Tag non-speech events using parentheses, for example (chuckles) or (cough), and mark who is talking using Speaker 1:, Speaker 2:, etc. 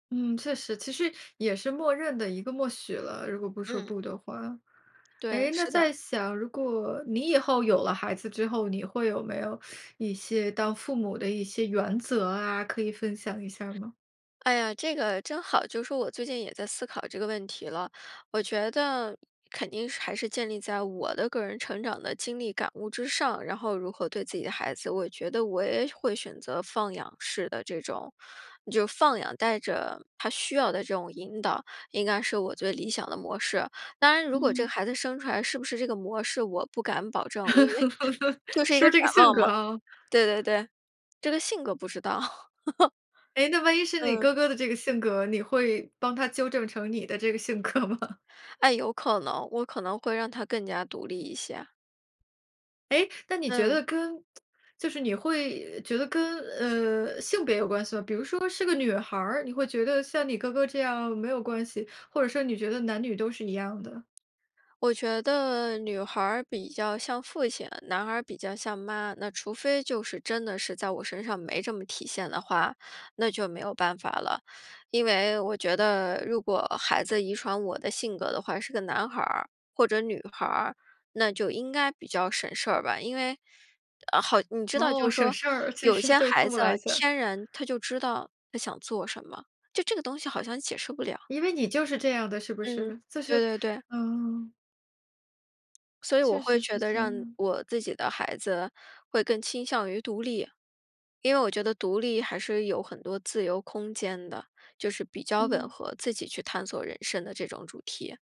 Speaker 1: 嗯，确实，其实也是默认的一个默许了，如果不说
Speaker 2: 嗯。
Speaker 1: 不的话。
Speaker 2: 对，
Speaker 1: 诶，那
Speaker 2: 是的。
Speaker 1: 在想，如果你以后有了孩子之后，你会有没有 (sucks teeth) 一些当父母的一些原则啊？可以分享一下儿吗？
Speaker 2: 哎呀，这个真好，就是说我最近也在思考这个问题了。我觉得肯定是还是建立在我的个人成长的经历感悟之上，然后如何对自己的孩子，我觉得我也会选择放养式的这种就放养带着他需要的这种引导，应该是我最理想的模式。当然，如果这个
Speaker 1: 嗯。
Speaker 2: 孩子生出来是不是这个模式，我不敢保证，因为
Speaker 1: (chuckles)
Speaker 2: 就是一
Speaker 1: 是
Speaker 2: 个
Speaker 1: 不是
Speaker 2: 展
Speaker 1: 这个性
Speaker 2: 望
Speaker 1: 格
Speaker 2: 嘛。
Speaker 1: 啊。
Speaker 2: 对对对，这个性格不知道。(laughs)
Speaker 1: 诶，那万一是你
Speaker 2: 嗯。
Speaker 1: 哥哥的这个性格，你会帮他纠正成你的这个性格吗？
Speaker 2: 哎，有可能，我可能会让他更加独立一些。
Speaker 1: 诶，那你觉得
Speaker 2: 嗯。
Speaker 1: 跟 (tsk) 就是你会觉得跟，嗯，性别有关系吗？比如说是个女孩儿，你会觉得像你哥哥这样没有关系，或者说你觉得男女都是一样的。
Speaker 2: 我觉得女孩儿比较像父亲，男孩儿比较像妈，那除非就是真的是在我身上没这么体现的话，那就没有办法了。因为我觉得如果孩子遗传我的性格的话，是个男孩儿或者女孩儿，那就应该比较省事儿吧。因为呃，好，你知道
Speaker 1: 哦，
Speaker 2: 就
Speaker 1: 省
Speaker 2: 说
Speaker 1: 事儿，其
Speaker 2: 有
Speaker 1: 实
Speaker 2: 些
Speaker 1: 对
Speaker 2: 孩
Speaker 1: 父母
Speaker 2: 子
Speaker 1: 来讲。
Speaker 2: 天然他就知道他想做什么，就这个东西好像解释不了。
Speaker 1: 因为你就是这样的，是不
Speaker 2: 嗯，
Speaker 1: 是？就
Speaker 2: 对
Speaker 1: 是
Speaker 2: 对对。
Speaker 1: 嗯。
Speaker 2: 所以我
Speaker 1: 确
Speaker 2: 会
Speaker 1: 实是
Speaker 2: 觉得
Speaker 1: 这
Speaker 2: 让
Speaker 1: 样。
Speaker 2: 我自己的孩子会更倾向于独立，因为我觉得独立还是有很多自由空间的，就是比较吻
Speaker 1: 嗯。
Speaker 2: 合自己去探索人生的这种主题。